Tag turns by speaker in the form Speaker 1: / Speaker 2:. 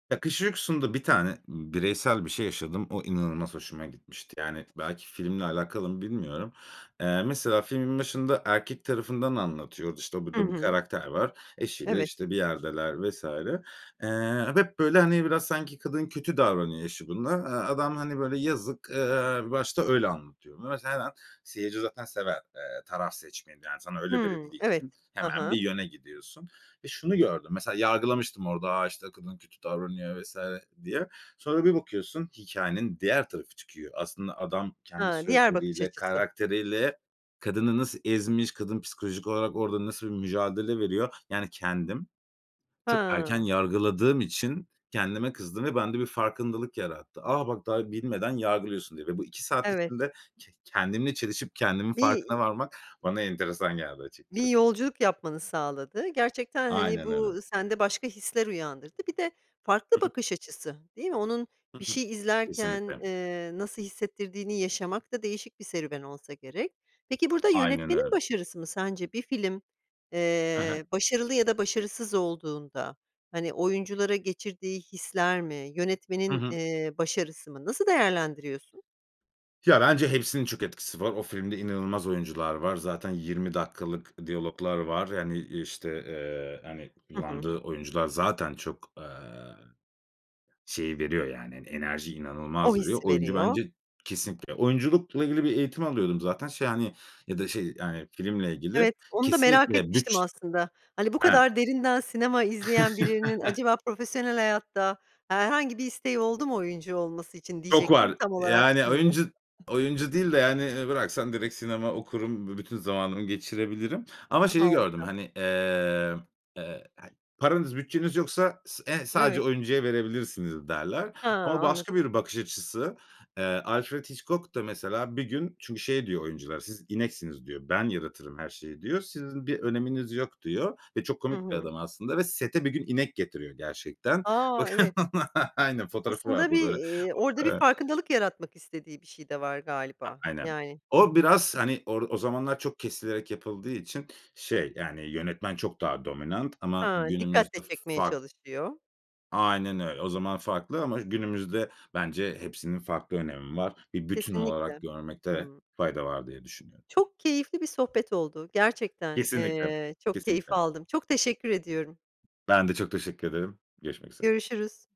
Speaker 1: Ya, Kış Uykusu'nda bir tane b bireysel bir şey yaşadım. O inanılmaz hoşuma gitmişti. Yani, belki filmle alakalı mı bilmiyorum. Eee, mesela filmin başında, erkek tarafından anlatıyordu, işte
Speaker 2: Hı
Speaker 1: burada bir
Speaker 2: hı.
Speaker 1: karakter var, eşiyle
Speaker 2: Evet.
Speaker 1: işte bir yerdeler vs. eee, hep böyle hani, biraz sanki kadın kötü davranıyor eşi buna. Eee, adam hani, böyle yazık. Eee, bir başta öyle anlatıyor bunu. [unintelligible] seyirci zaten sever, eee, taraf seçmeyi yani, sana öyle
Speaker 2: Hımm,
Speaker 1: verildiği
Speaker 2: evet.
Speaker 1: için
Speaker 2: Hı
Speaker 1: hemen bir
Speaker 2: hı.
Speaker 1: yöne gidiyorsun ve şunu gördüm mesela yargılamıştım orada, "A, işte kadın kötü davranıyor." vs. diye. Sonra bir bakıyorsun hikâyenin diğer tarafı çıkıyor. Aslında adam kendi
Speaker 2: He, diğer bakış
Speaker 1: sözleriyle,
Speaker 2: açısı.
Speaker 1: karakteriyle kadını nasıl ezmiş; kadın psikolojik olarak orada nasıl bir mücadele veriyor. Yani, kendim çok erken
Speaker 2: He.
Speaker 1: yargıladığım için kendime kızdım ve bende bir farkındalık yarattı. A, bak, daha bilmeden yargılıyorsun diye ve bu 2 saat
Speaker 2: Evet.
Speaker 1: içinde ken kendimle çelişip kendimin
Speaker 2: Bi
Speaker 1: farkına
Speaker 2: iii
Speaker 1: varmak, bana enteresan geldi
Speaker 2: bir
Speaker 1: açıkçası.
Speaker 2: yolculuk yapmanı sağladı. Gerçekten hani,
Speaker 1: Aynen öyle.
Speaker 2: bu sende başka hisler uyandırdı. Bir de farklı
Speaker 1: Hı hı.
Speaker 2: bakış açısı değil mi? Onun
Speaker 1: Hı
Speaker 2: bir
Speaker 1: hı.
Speaker 2: şey izlerken,
Speaker 1: Kesinlikle.
Speaker 2: eee, nasıl hissettirdiğini yaşamak da değişik serüven olsa gerek. Peki, burada
Speaker 1: Aynen öyle.
Speaker 2: yönetmenin başarısı mı sence? Bir film,
Speaker 1: He he.
Speaker 2: eee, başarılı ya da başarısız olduğunda hani, oyunculara geçirdiği hisler mi?
Speaker 1: Hı
Speaker 2: Yönetmenin,
Speaker 1: hı.
Speaker 2: eee, başarısı mı? Nasıl değerlendiriyorsun?
Speaker 1: Ya, bence hepsinin çok etkisi var. O filmde inanılmaz oyuncular var. Zaten 20 dakikalık diyaloglar var. Yani işte, eee, hani,
Speaker 2: Hı hı.
Speaker 1: kullandığı oyuncular zaten çok, eee, şeyi veriyor yani, hani, enerjiyi
Speaker 2: O
Speaker 1: inanılmaz veriyor.
Speaker 2: hissi
Speaker 1: Oyuncu
Speaker 2: veriyor.
Speaker 1: bence kesinlikle. Oyunculukla ilgili bir eğitim alıyordum zaten şey hani, ya da şey yani filmle ilgili.
Speaker 2: Evet, onu da merak
Speaker 1: Kesinlikle
Speaker 2: etmiştim
Speaker 1: bütç
Speaker 2: aslında. Hani, bu
Speaker 1: He.
Speaker 2: kadar derinden sinema izleyen birinin acaba profesyonel hayatta, herhangi bir isteği oldu mu, oyuncu olması için
Speaker 1: Çok
Speaker 2: diyecektim.
Speaker 1: var.
Speaker 2: Tam olarak
Speaker 1: Yani
Speaker 2: şimdi.
Speaker 1: oyuncu oyuncu değil de yani, eee, bıraksan direkt sinema okurum, b bütün zamanımı geçirebilirim ama
Speaker 2: Hıı,
Speaker 1: şeyi gördüm
Speaker 2: harika.
Speaker 1: hani, eee, hani paranız bütçeniz yoksa s eee sadece
Speaker 2: Evet.
Speaker 1: oyuncuya verebilirsiniz derler
Speaker 2: He,
Speaker 1: ama
Speaker 2: anladım.
Speaker 1: başka bir bakış açısı. Eee, Alfred Hitchcock da mesela bir gün Çünkü şey diyor oyuncular; siz ineksiniz diyor. Ben yaratırım her şeyi diyor. Sizin bir öneminiz yok diyor ve çok
Speaker 2: Hı
Speaker 1: komik bir
Speaker 2: hı.
Speaker 1: adam aslında ve sete bir gün inek getiriyor gerçekten.
Speaker 2: A!
Speaker 1: Bakın
Speaker 2: Evet.
Speaker 1: aynen fotoğrafı
Speaker 2: Aslında
Speaker 1: vardır
Speaker 2: bir,
Speaker 1: böyle.
Speaker 2: eee, orada bir
Speaker 1: Ö eee
Speaker 2: farkındalık yaratmak istediği bir şey de var
Speaker 1: A
Speaker 2: galiba,
Speaker 1: aynen.
Speaker 2: yani. Hı
Speaker 1: O
Speaker 2: hı.
Speaker 1: biraz hani, or o zamanlar çok kesilerek yapıldığı için şey, yani, yönetmen çok daha dominant
Speaker 2: He,
Speaker 1: ama
Speaker 2: dikkat de
Speaker 1: günümüzde f
Speaker 2: çekmeye
Speaker 1: fark
Speaker 2: çalışıyor.
Speaker 1: Aynen öyle. O zaman farklı ama günümüzde bence hepsinin farklı önemi var. Bir bütün olarak
Speaker 2: Kesinlikle.
Speaker 1: görmekte
Speaker 2: Hımm.
Speaker 1: fayda var diye düşünüyorum.
Speaker 2: Çok keyifli bir sohbet oldu, gerçekten,
Speaker 1: Kesinlikle.
Speaker 2: eee, çok keyif
Speaker 1: Kesinlikle.
Speaker 2: aldım. Çok teşekkür ediyorum.
Speaker 1: Ben de çok teşekkür ederim. Görüşmek üzere.
Speaker 2: Görüşürüz.